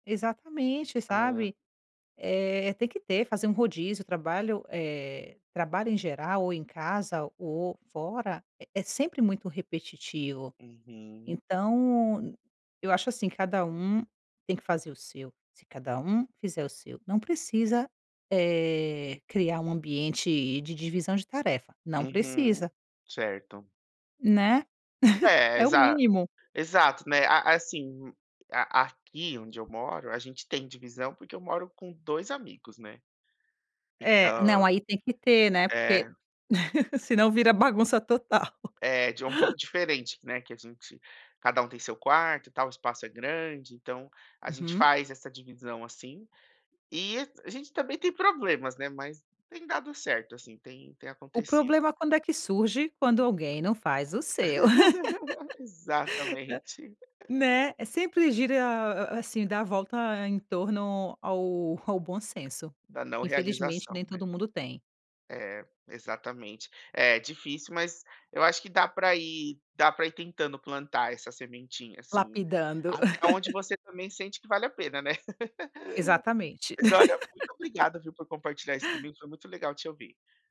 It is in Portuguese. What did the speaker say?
Exatamente, Hã. sabe. Eh, tem que ter, fazer um rodízio, trabalho, eh, trabalho em geral, ou em casa ou fora, é é sempre muito repetitivo, Uhum. então n eu acho assim, cada um tem que fazer o seu. Se cada um fizer o seu, não precisa, eh, criar um ambiente de divisão de tarefa, não Uhum. precisa. Certo. Né, É, é o exa mínimo. exato, né, a assim, a aqui onde eu moro, a gente tem divisão, porque eu moro com 2 amigos, né. É não, Entã aí tem que ter, né, porque É. senão vira bagunça total. Eh, de um pouco diferente, né, que a gente cada um tem seu quarto, e tal, o espaço é grande, então a gente Uhum. faz essa divisão, assim. E a gente também tem problemas, né, mas tem dado certo, assim, tem tem O acontecido. problema quando é que surge? Quando alguém não faz o seu. Exatamente. Né, é sempre gira a assim, dá a volta em torno ao ao bom senso, Da não que infelizmente realização, nem né. todo mundo tem. É, exatamente. É é difícil, mas eu acho que dá pra ir dá pra ir tentando plantar essa sementinha, assim. Lapidando. Até onde você também sente que vale a pena, né. Exatamente. Mas olha, muito obrigada, viu, por compartilhar isso comigo, foi muito legal te ouvir.